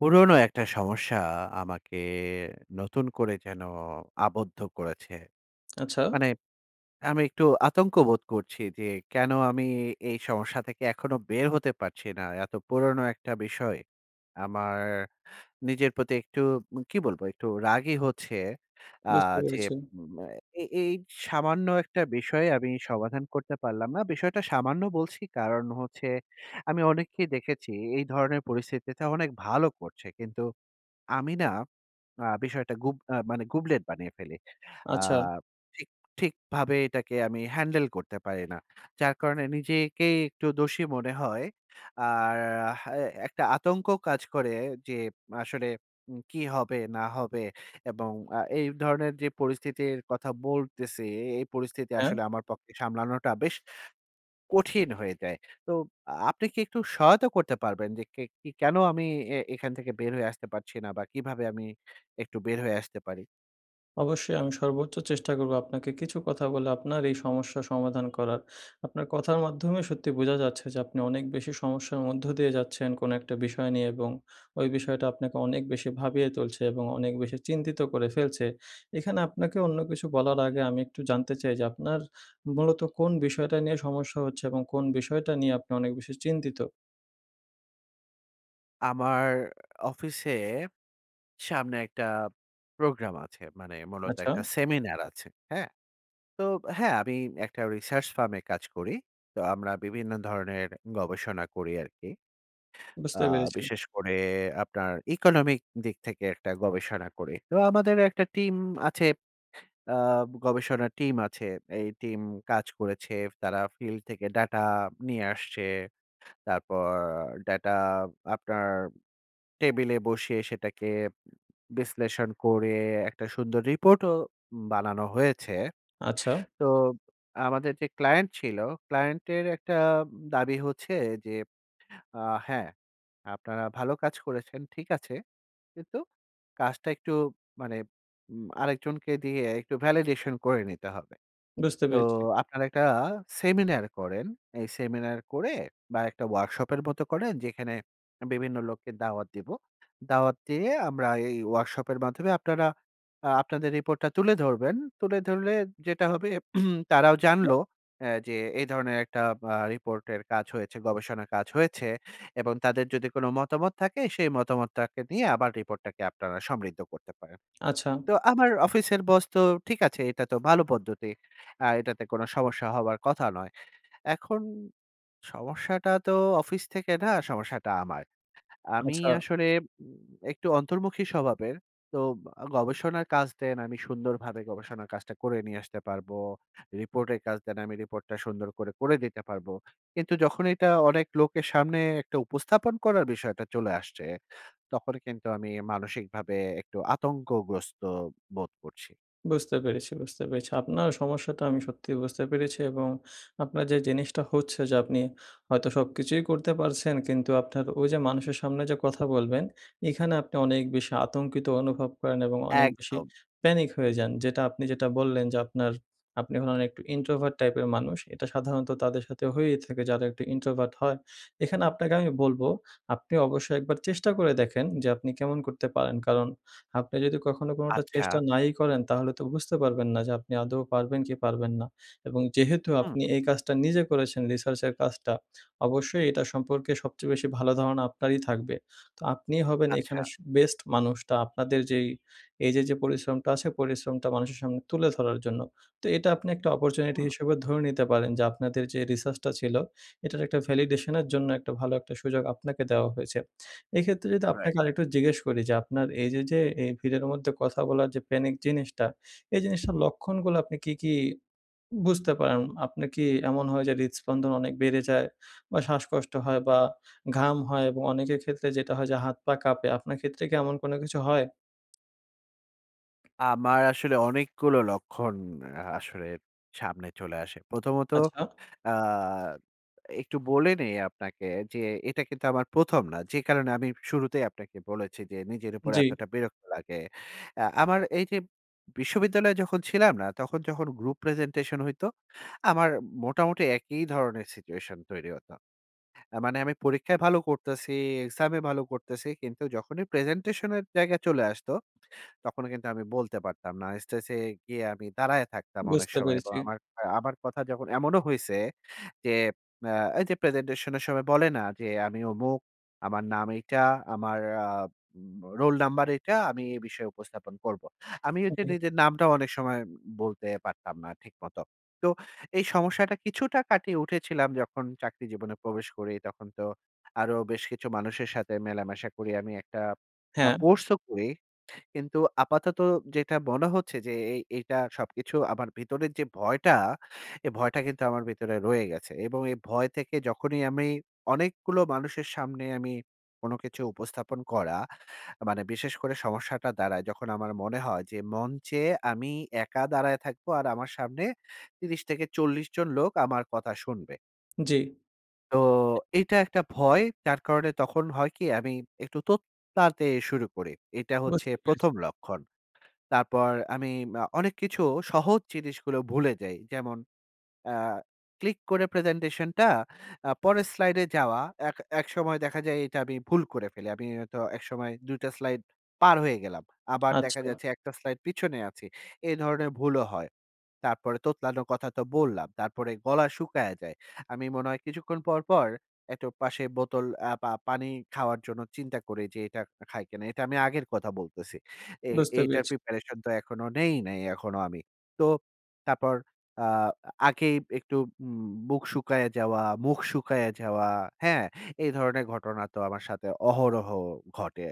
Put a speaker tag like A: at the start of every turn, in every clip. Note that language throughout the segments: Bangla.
A: পুরনো একটা সমস্যা আমাকে নতুন করে যেন আবদ্ধ করেছে।
B: আচ্ছা?
A: মানে, আমি একটু আতঙ্ক বোধ করছি যে, কেন আমি এ এই সমস্যা থেকে এখনো বের হতে পারছি না এত পুরনো একটা বিষয়! আমার নিজের প্রতি একটু, কি বলবো একটু রাগই হচ্ছে। আ
B: বুঝতে
A: যে
B: পেরেছি।
A: ম ম এ এই সামান্য একটা বিষয় আমি সমাধান করতে পারলাম না। বিষয়টা সামান্য বলছি কারণ হচ্ছে, আমি অনেককেই দেখেছি এই ধরনের পরিস্থিতিতে অনেক ভালো করছে। কিন্তু আমি না আ বিষয়টা গুব আ মানে গুবলেট বানিয়ে ফেলি। আ
B: আচ্ছা।
A: ঠিক ঠিকভাবে এটাকে আমি হ্যান্ডেল করতে পারি না। যার কারণে নিজে-কেই একটু দোষী মনে হয়। আর হ্যাঁ এ একটা আতঙ্কও কাজ করে যে আসলে কি হবে না হবে এবং আ এই ধরনের যে পরিস্থিতির কথা বলতেছি, এই পরিস্থিতি
B: হ্যাঁ।
A: আসলে আমার পক্ষে সামলানোটা বেশ কঠিন হয়ে যায়। তো আ আপনি কি একটু সহায়তা করতে পারবেন যে কে ক কেনো আমি এখান থেকে বের হয়ে আসতে পারছি না বা কিভাবে আমি একটু বের হয়ে আসতে পারি?
B: অবশ্যই আমি সর্বোচ্চ চেষ্টা করবো আপনাকে কিছু কথা বলে আপনার এই সমস্যার সমাধান করার। আপনার কথার মাধ্যমে সত্যি বোঝা যাচ্ছে যে আপনি অনেক বেশি সমস্যার মধ্য দিয়ে যাচ্ছেন কোনো একটা বিষয় নিয়ে এবং ঐ বিষয়টা আপনাকে অনেক বেশি ভাবিয়ে তুলছে এবং অনেক বেশি চিন্তিত করে ফেলছে। এখানে আপনাকে অন্য কিছু বলার আগে আমি একটু জানতে চাই যে আপনার মূলত কোন বিষয়টা নিয়ে সমস্যা হচ্ছে এবং কোন বিষয়টা নিয়ে আপনি অনেক বেশি চিন্তিত?
A: আমার অফিসে সামনে একটা প্রোগ্রাম আছে। মানে মূলত
B: আচ্ছা।
A: একটা সেমিনার আছে। হ্যাঁ? তো হ্যাঁ আমি একটা research firm এ কাজ করি। তো আমরা বিভিন্ন ধরনের গবেষণা করি আরকি। আ
B: বুঝতে পেরেছি।
A: বিশেষ করে আপনার economic দিক থেকে একটা গবেষণা করি। তো আমাদের একটা টিম আছে। আ গবেষণার টিম আছে। এই টিম কাজ করেছে। তারা field থেকে data নিয়ে আসছে। তারপর data আপনার টেবিলে বসে সেটাকে বিশ্লেষণ করে একটা সুন্দর রিপোর্টও বানানো হয়েছে।
B: আচ্ছা।
A: তো আমাদের যে ক্লায়েন্ট ছিল, ক্লায়েন্ট এর একটা দাবি হচ্ছে যে আ "হ্যাঁ আপনারা ভালো কাজ করেছেন ঠিক আছে। কিন্তু কাজটা একটু মানে আরেকজনকে দিয়ে একটু validation করে নিতে হবে।
B: বুঝতে
A: তো
B: পেরেছি।
A: আপনারা একটা সেমিনার করেন। এই সেমিনার করে বা একটা ওয়ার্কশপ এর মত করেন যেখানে বিভিন্ন লোককে দাওয়াত দিবো। দাওয়াত দিয়ে আমরা এই ওয়ার্কশপ এর মাধ্যমে আপনারা আ আপনাদের রিপোর্টটা তুলে ধরবেন। তুলে ধরলে যেটা হবে তারাও
B: হ্যাঁ।
A: জানলো অ্যা যে এই ধরনের একটা আ রিপোর্টের কাজ হয়েছে, গবেষণার কাজ হয়েছে, এবং তাদের যদি কোন মতামত থাকে, সেই মতামতটাকে নিয়ে আবার রিপোর্ট টাকে আপনারা সমৃদ্ধ করতে পারেন।"
B: আচ্ছা।
A: তো আমার অফিসের boss তো ঠিক আছে। এটা তো ভালো পদ্ধতি। আ এটাতে কোনো সমস্যা হওয়ার কথা নয়। এখন সমস্যাটা তো অফিস থেকে না, সমস্যাটা আমার। আমি
B: আচ্ছা।
A: আসলে উম একটু অন্তর্মুখী স্বভাবের। তো গবেষণার কাজ দেন, আমি সুন্দরভাবে গবেষণার কাজটা করে নিয়ে আসতে পারব। রিপোর্টের কাজ দেন, আমি রিপোর্টটা সুন্দর করে করে দিতে পারবো। কিন্তু যখন এটা অনেক লোকের সামনে একটা উপস্থাপন করার বিষয়টা চলে আসছে, তখন কিন্তু আমি মানসিকভাবে একটু আতঙ্কগ্রস্ত বোধ করছি।
B: বুঝতে পেরেছি, বুঝতে পেরেছি। আপনার সমস্যাটা আমি সত্যিই বুঝতে পেরেছি এবং আপনার যে জিনিসটা হচ্ছে যে, আপনি হয়তো সবকিছুই করতে পারছেন। কিন্তু আপনার ওইযে মানুষের সামনে যে, কথা বলবেন এইখানে আপনি অনেক বেশি আতঙ্কিত অনুভব করেন। এবং অনেক বেশি
A: একদম।
B: প্যানিক হয়ে যান। যেটা আপনি যেটা বললেন যে, আপনার আপনি হলেন একটু ইন্ট্রোভার্ট টাইপ এর মানুষ। এটা সাধারণত তাদের সাথে হয়েই থাকে যারা একটু ইন্ট্রোভার্ট হয়। এখানে আপনাকে আমি বলবো আপনি অবশ্যই একবার চেষ্টা করে দেখেন যে আপনি কেমন করতে পারেন। কারণ আপনি যোদি কখনো কোনটা
A: আচ্ছা।
B: চেষ্টা নাই ই করেন তাহলে তো বুঝতে পারবেন না। যে আপনি আদৌ পারবেন কি পারবেন না। এবং যেহেতু
A: হুম।
B: আপনি এই কাজটা নিজে করেছেন রিসার্চের কাজটা অবশ্যই এটা সম্পর্কে সবচেয়ে বেশি ভালো ধারণা আপনারই থাকবে। তো আপনিই হবেন এখানে
A: আচ্ছা।
B: স বেস্ট মানুষটা আপনাদের যেই এইযে, যে পরিশ্রমটা আছে পরিশ্রমটা মানুষের সামনে তুলে ধরার জন্য। তো এটা আপনি একটা অপরচুনিটি
A: হুম।
B: হিসেবে ধরে নিতে পারেন। যে আপনাদের যে রিসার্চ টা ছিল এটার একটা ভ্যালিডেশন এর জন্য একটা ভালো একটা সুযোগ আপনাকে দেওয়া হয়েছে। এক্ষেত্রে যদি
A: রাইট।
B: আপনাকে আরেকটু জিজ্ঞেস করি যে আপনার এইযে, যে এ ভিড়ের মধ্যে কথা বলার যে প্যানিক জিনিসটা এই জিনিসটার লক্ষণগুলো আপনি কি, কি বুঝতে পারেন? আপনে কি এমন হয় যে হৃৎস্পন্দন অনেক বেড়ে যায় বা শ্বাসকষ্ট হয় বা ঘাম হয় এবং অনেকের ক্ষেত্রে যেটা হয় যে হাত, পা কাঁপে আপনার ক্ষেত্রে কি এমন কোন কিছু হয়?
A: আমার আসলে অনেকগুলো লক্ষণ আ আসলে সামনে চলে আসে। প্রথমত,
B: আচ্ছা।
A: আ একটু বলে নেই আপনাকে যে এটা কিন্তু আমার প্রথম না, যে কারণে আমি শুরুতেই আপনাকে বলেছি যে নিজের উপর
B: জ্বী।
A: এতটা বিরক্ত লাগে। অ্যা আমার এই যে বিশ্ববিদ্যালয়ে যখন ছিলাম না, তখন যখন group presentation হইতো, আমার মোটামুটি একই ধরনের situation তৈরি হতো। মানে আমি পরীক্ষায় ভালো করতেছি, exam এ ভালো করতেছি, কিন্তু যখনই presentation এর জায়গায় চলে আসতো, তখন কিন্তু আমি বলতে পারতাম না। স্টেজ এ গিয়ে আমি দাঁড়ায় থাকতাম অনেক
B: বুঝতে
A: সময়। এবং
B: পেরেছি।
A: আমার, আমার কথা যখন এমনও হইছে যে, অ্যা এই যে presentation এর সময় বলে না যে "আমি অমুক, আমার নাম এইটা, আমার আ রোল নাম্বার এইটা। আমি এই বিষয়ে উপস্থাপন করবো।" আমি ঐযে
B: ওকে।
A: নিজের নামটাও অনেক সময় বলতে পারতাম না ঠিক মতো। তো এই সমস্যাটা কিছুটা কাটিয়ে উঠেছিলাম যখন চাকরি জীবনে প্রবেশ করি, তখন তো আরো বেশ কিছু মানুষের সাথে মেলামেশা করি আমি। একটা আ
B: হ্যাঁ।
A: কোর্স ও করি। কিন্তু আপাতত যেইটা মনে হচ্ছে, যে এ এইটা সবকিছু আমার ভেতরের যে ভয়টা, এই ভয়টা কিন্তু আমার ভিতরে রয়ে গেছে। এবং এই ভয় থেকে যখনই আমি অনেকগুলো মানুষের সামনে আমি, কোনো কিছু উপস্থাপন করা, মানে বিশেষ করে সমস্যাটা দাঁড়ায় যখন আমার মনে হয়, যে মঞ্চে আমি একা দাঁড়ায় থাকবো আর আমার সামনে ৩০- ৪০ জন লোক আমার কথা শুনবে।
B: জী।
A: তো এটা একটা ভয়। যার কারণে তখন হয় কি আমি একটু তোত লাতে শুরু করি। এটা হচ্ছে
B: বুঝতে পেরেছি।
A: ১ম লক্ষণ। তারপর আমি আ অনেক কিছু সহজ জিনিসগুলো ভুলে যাই। যেমন আ ক্লিক করে প্রেজেন্টেশনটা আ পরের স্লাইডে যাওয়া, এক একসময় দেখা যায় এইটা আমি ভুল করে ফেলি। আমি হয়ত একসময় দুই টা স্লাইড পার হয়ে গেলাম। আবার দেখা
B: আচ্ছা।
A: যাচ্ছে এক টা স্লাইড পিছনে আছি। এ ধরনের ভুলও হয়। তারপরে তোতলানোর কথা তো বললাম। তারপরে গলা শুকাইয়া যায়। আমি মনে হয় কিছুক্ষণ পর, পর একটু পাশে বোতল আ পা পানি খাওয়ার জন্য চিন্তা করি যে, "এটা খা খাই কিনা?" এটা আমি আগের কথা বলতেছি। এ
B: বুঝতে
A: এটার
B: পেরেছি।
A: প্রিপারেশন তো এখনো নেই নাই এখনো আমি। তো তারপর আ আ আগেই একটু উম বুক শুকাইয়া যাওয়া, মুখ শুকাইয়া যাওয়া, হ্যাঁ? এই ধরনের ঘটনা তো আমার সাথে অহরহ ঘটে।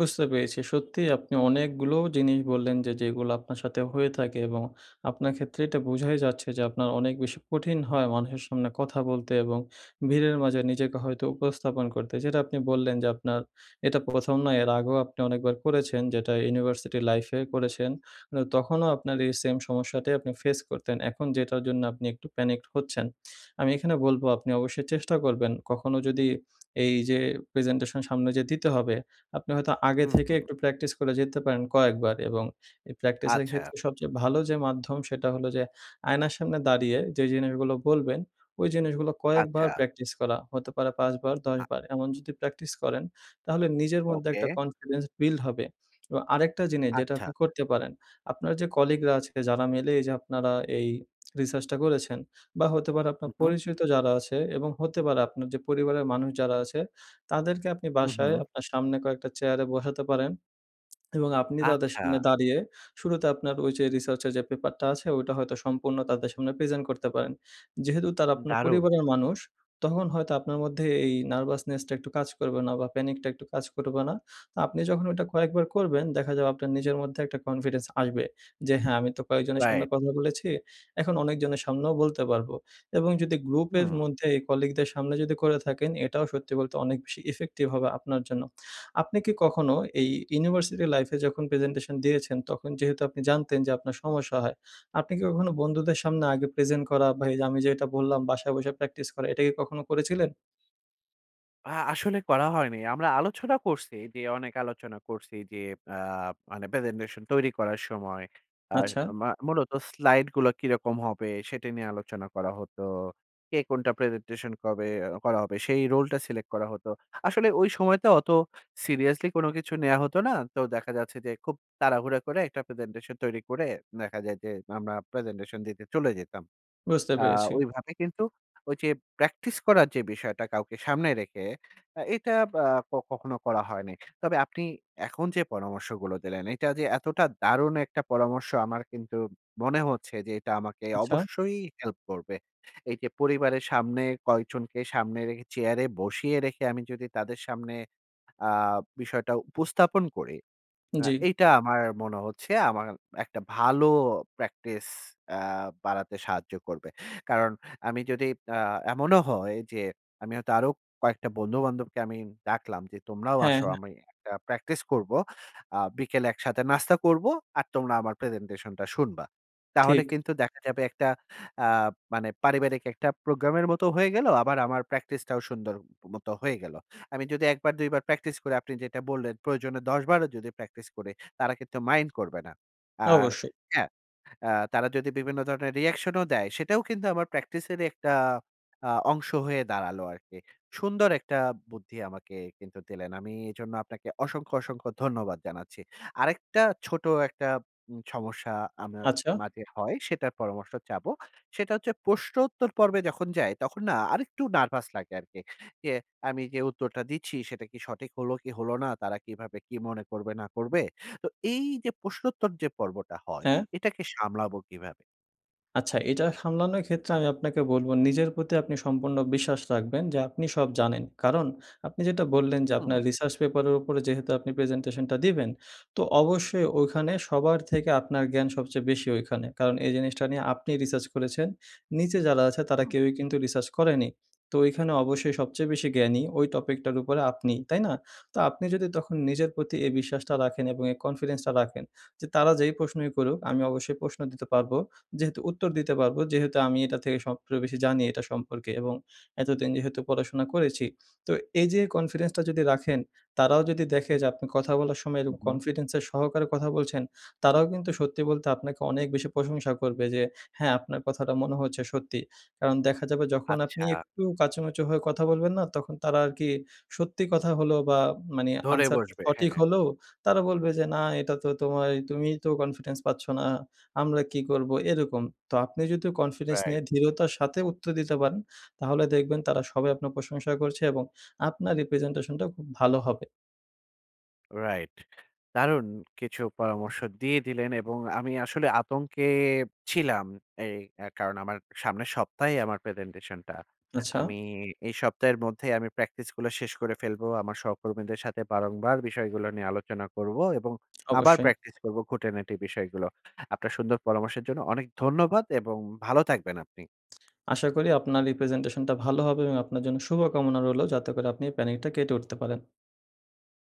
B: বুঝতে পেরেছি। সত্যিই আপনি অনেকগুলোও জিনিস বললেন যে, যেগুলো আপনার সাথে হয়ে থাকে এবং আপনার ক্ষেত্রে এটা বোঝাই যাচ্ছে যে আপনার অনেক বেশি কঠিন হয় মানুষের সামনে কথা বলতে এবং ভিড়ের মাঝে নিজেকে হয়তো উপস্থাপন করতে। যেটা আপনি বললেন যে আপনার এটা প্রথম নয়। এর আগেও আপনি অনেকবার করেছেন যেটা ইউনিভার্সিটি লাইফে করেছেন। ন তখনও আপনার এই সেম সমস্যাটাই আপনি ফেস করতেন। এখন যেটার জন্য আপনি একটু প্যানিকড হচ্ছেন। আমি এখানে বলবো আপনি অবশ্যই চেষ্টা করবেন। কখনো যদি এই যে প্রেজেন্টেশন সামনে যেয়ে দিতে হবে, আপনি হয়তো আগে
A: হুম,
B: থেকে
A: হুম।
B: একটু প্র্যাকটিস করে যেতে পারেন কয়েকবার। এবং এই প্র্যাকটিসের
A: আচ্ছা।
B: ক্ষেত্রে সবচেয়ে ভালো যে মাধ্যম সেটা হলো যে আয়নার সামনে দাঁড়িয়ে যেই জিনিসগুলো বলবেন ওই জিনিসগুলো কয়েকবার
A: আচ্ছা।
B: প্র্যাকটিস করা। হতে পারে ৫ বার, ১০
A: আ
B: বার। এমন যদি প্র্যাকটিস করেন তাহলে নিজের মধ্যে
A: ওকে।
B: একটা কনফিডেন্স বিল্ড হবে। এবং আরেকটা জিনিস যেটা
A: আচ্ছা।
B: আপনি করতে পারেন। আপনার যে কলিগরা আছে যারা মিলে এই যে আপনারা এই রিসার্চটা করেছেন বা হতে পারে আপনার
A: হুম, হুম।
B: পরিচিত যারা আছে এবং হতে পারে আপনার যে পরিবারের মানুষ যারা আছে, তাদেরকে আপনি
A: হুম,
B: বাসায়
A: হুম।
B: আপনার সামনে কয়েকটা চেয়ারে বসাতে পারেন এবং আপনি তাদের
A: আচ্ছা।
B: সামনে দাঁড়িয়ে শুরুতে আপনার ঐযে রিসার্চের যে পেপারটা আছে ঐটা হয়তো সম্পূর্ণ তাদের সামনে প্রেজেন্ট করতে পারেন। যেহেতু তারা আপনার
A: দারুণ।
B: পরিবারের মানুষ তখন হয়তো আপনার মধ্যে এই নার্ভাসনেস টা একটু কাজ করবে না বা প্যানিক টা একটু কাজ করবে না। তো আপনি যখন ওইটা কয়েকবার করবেন দেখা যাবে আপনার নিজের মধ্যে একটা কনফিডেন্স আসবে। যে হ্যাঁ, আমি তো কয়েকজনের সামনে
A: রাইট।
B: কথা বলেছি। এখন অনেকজনের সামনেও বলতে পারবো। এবং যদি গ্রুপের
A: হুম।
B: মধ্যে এই কলিগদের সামনে যদি করে থাকেন, এটাও সত্যি বলতে অনেক বেশি ইফেক্টিভ হবে আপনার জন্য। আপনি কি কখনো এই ইউনিভার্সিটি লাইফে যখন প্রেজেন্টেশন দিয়েছেন তখন যেহেতু আপনি জানতেন যে আপনার সমস্যা হয়, আপনি কি কখনো বন্ধুদের সামনে আগে প্রেজেন্ট করা বা এই আমি যে এটা বললাম বাসায় বইসা প্র্যাকটিস করা এইটা কি কখনো করেছিলেন?
A: আ আসলে করা হয়নি, আমরা আলোচনা করছি, যে অনেক আলোচনা করছি, যে আ মানে presentation তৈরি করার সময় আ
B: আচ্ছা।
A: মু মূলত slide গুলা কিরকম হবে সেটি নিয়ে আলোচনা করা হতো। কে কোনটা presentation কবে করা হবে? সেই role টা select করা হতো। আসলে ওই সময়তে অত seriously কোনো কিছু নেয়া হতো না, তো দেখা যাচ্ছে যে খুব তাড়াহুড়া করে একটা presentation তৈরি করে দেখা যায় যে আমরা presentation দিতে চলে যেতাম।
B: বুঝতে
A: আ
B: পেরেছি।
A: ওইভাবে কিন্তু ঐযে practice করার যে বিষয়টা কাউকে সামনে রেখে এটা আব আ কখনো করা হয়নি। তবে আপনি এখন যে পরামর্শগুলো দিলেন, এটা যে এতটা দারুণ একটা পরামর্শ আমার কিন্তু মনে হচ্ছে যে এটা আমাকে
B: আচ্ছা।
A: অবশ্যই help করবে। এই যে পরিবারের সামনে, কয়েকজনকে সামনে রেখে, চেয়ারে বসিয়ে রেখে আমি যদি তাদের সামনে আ বিষয়টা উপস্থাপন করি আ
B: জ্বি।
A: এইটা আমার মনে হচ্ছে আমার এ একটা ভালো practice আ বাড়াতে সাহায্য করবে। কারণ আমি যদি আ এমনও হয় যে আমি হয়তো আরো কয়েকটা বন্ধু-বান্ধবকে আমি ডাকলাম যে তোমরাও
B: হ্যা,
A: আসো।
B: হ্যা।
A: আমি একটা প্র্যাকটিস করব, আ বিকেলে একসাথে নাস্তা করব আর তোমরা আমার প্রেজেন্টেশনটা শুনবা। তাহলে
B: ঠিক।
A: কিন্তু দেখা যাবে একটা আ মানে পারিবারিক একটা প্রোগ্রামের মতোও হয়ে গেল আবার আমার practice টাও সুন্দর মত হয়ে গেলো। আমি যদি একবার দুইবার practice করি আপনি যেটা বললেন, প্রয়োজনে ১০ বারও যদি প্র্যাকটিস করি তারা কিন্তু mind করবে না। আর
B: অবশ্যই।
A: হ্যাঁ, আ তারা যদি বিভিন্ন ধরনের reaction ও দেয় সেটাও কিন্তু আমার practice এর ই একটা আ অংশ হয়ে দাঁড়ালো আরকি। সুন্দর একটা বুদ্ধি আমাকে কিন্তু দিলেন। আমি এজন্য আপনাকে অসংখ্য, অসংখ্য ধন্যবাদ জানাচ্ছি। আরেকটা ছোট একটা উব সমস্যা আমার
B: আচ্ছা।
A: মাঝে হয় সেটার পরামর্শ চাবো, সেটা হচ্ছে প্রশ্নোত্তর পর্বে যখন যাই তখন না আরেকটু nervous লাগে আরকি। যে, আমি যে উত্তরটা দিচ্ছি সেটা কি সঠিক হলো, কি হলো না? তারা কিভাবে কি মনে করবে, না করবে? তো এই যে প্রশ্নোত্তর যে পর্বটা হয়
B: হ্যাঁ।
A: এটাকে সামলাবো কিভাবে?
B: আচ্ছা, এটা সামলানোর ক্ষেত্রে আমি আপনাকে বলবো নিজের প্রতি আপনি সম্পূর্ণ বিশ্বাস রাখবেন যে আপনি সব জানেন। কারণ আপনি যেটা বললেন যে আপনার
A: হুম।
B: রিসার্চ পেপারের উপরে যেহেতু আপনি প্রেজেন্টেশনটা দিবেন, তো অবশ্যই ওইখানে সবার থেকে আপনার জ্ঞান সবচেয়ে বেশি ওইখানে। কারণ এই জিনিসটা নিয়ে আপনিই রিসার্চ করেছেন। নিচে যারা আছে তারা
A: হুম।
B: কেউই কিন্তু রিসার্চ করেনি। তো ওইখানে অবশ্যই সবচেয়ে বেশি জ্ঞানী, ওই টপিকটার উপরে আপনিই। তাই না? তো আপনি যদি তখন নিজের প্রতি এই বিশ্বাসটা রাখেন এবং এই কনফিডেন্সটা রাখেন যে, তারা যেই প্রশ্নই করুক আমি অবশ্যই প্রশ্ন দিতে পারবো। যেহেতু উত্তর দিতে পারবো, যেহেতু আমি এটা থেকে সবচে বেশি জানি, এটা সম্পর্কে এবং এতদিন যেহেতু পড়াশোনা করেছি। তো এই যে কনফিডেন্সটা যদি রাখেন, তারাও যদি দেখে যে আপনি কথা বলার সময়
A: হুম,
B: এরকম
A: হুম।
B: কনফিডেন্সের সহকারে কথা বলছেন তারাও কিন্তু সত্যি বলতে আপনাকে অনেক বেশি প্রশংসা করবে যে, "হ্যাঁ, আপনার কথাটা মনে হয়েছে সত্যি।" কারণ দেখা যাবে যখন আপনি
A: আচ্ছা।
B: একটু কাচুমাচু হয়ে কথা বলবেন না, তখন তারা আরকি সত্যি কথা হলেও বা মানে
A: ধরে
B: আনসার
A: বসবে।
B: সঠিক
A: হ্যাঁ।
B: হলেও তারা বলবে যে, "না এটা তো তোমায় তুমিই তো কনফিডেন্স পাচ্ছ না। আমরা কি করবো?" এরকম। তো আপনি যদি কনফিডেন্স
A: রাইট।
B: নিয়ে ধৃঢ়তার সাথে উত্তর দিতে পারেন, তাহলে দেখবেন তারা সবাই আপনার প্রশংসা করছে এবং আপনার এই প্রেজেন্টেশনটা খুব ভালো হবে।
A: রাইট। দারুন কিছু পরামর্শ দিয়ে দিলেন এবং আমি আসলে আতঙ্কে ছিলাম, এই এর কারণে। আমার সামনের সপ্তাহেই আমার প্রেজেন্টেশনটা।
B: আচ্ছা।
A: আমি এই সপ্তাহের মধ্যেই আমি প্র্যাকটিস গুলো শেষ করে ফেলবো। আমার সহকর্মীদের সাথে বারংবার বিষয়গুলো নিয়ে আলোচনা করব এবং আবার
B: অবশ্যই।
A: প্র্যাকটিস করবো খুঁটি-নাটি বিষয়গুলো। আপনার সুন্দর পরামর্শের জন্য অনেক ধন্যবাদ এবং ভালো থাকবেন আপনি।
B: আশা করি আপনার এই প্রেজেন্টেশনটা ভালো হবে এবং আপনার জন্য শুভকামনা রইলো যাতে করে আপনি এই প্যানিক টা কেটে উঠতে পারেন।